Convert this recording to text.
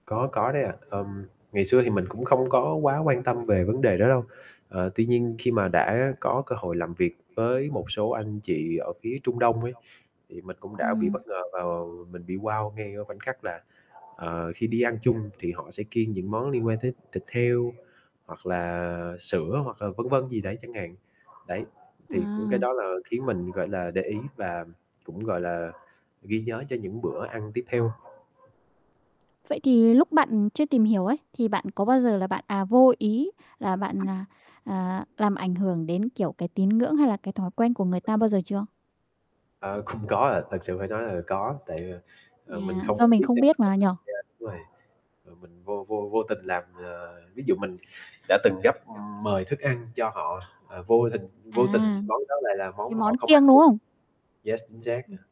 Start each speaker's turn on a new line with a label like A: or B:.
A: Có, có đấy ạ. Ừm, ngày xưa thì mình cũng không có quá quan tâm về vấn đề đó đâu. Ờ, tuy nhiên khi mà đã có cơ hội làm việc với một số anh chị ở phía Trung Đông ấy, thì mình cũng đã bị
B: Ừm.
A: bất ngờ và mình bị wow ngay ở khoảnh khắc là, ờ, khi đi ăn chung thì họ sẽ kiêng những món liên quan tới thịt heo, hoặc là sữa, hoặc là vân vân gì đấy chẳng hạn. Đấy. Thì cũng cái
B: À.
A: đó là khiến mình, gọi là, để ý và cũng, gọi là, ghi nhớ cho những bữa ăn tiếp theo.
B: Vậy thì lúc bạn chưa tìm hiểu ấy, thì bạn có bao giờ là bạn, à, vô ý là bạn, à, à, làm ảnh hưởng đến, kiểu, cái tín ngưỡng, hay là cái thói quen của người ta bao giờ chưa?
A: Ờ, cũng có ạ, thật sự phải nói là có, tại, ờ, ờ, mình
B: À,
A: không
B: do mình
A: biết
B: không biết
A: [unintelligible]
B: mà nhỉ?
A: đúng rồi. Ờ, mình vô vô vô tình làm, à, ví dụ mình đã từng gấp mời thức ăn cho họ, à, vô tình vô tình
B: À.
A: món đó lại là
B: Cái
A: món mà họ
B: món
A: không ăn
B: kiêng, đúng
A: được.
B: không?
A: Yes, chính xác à.
B: Ừm.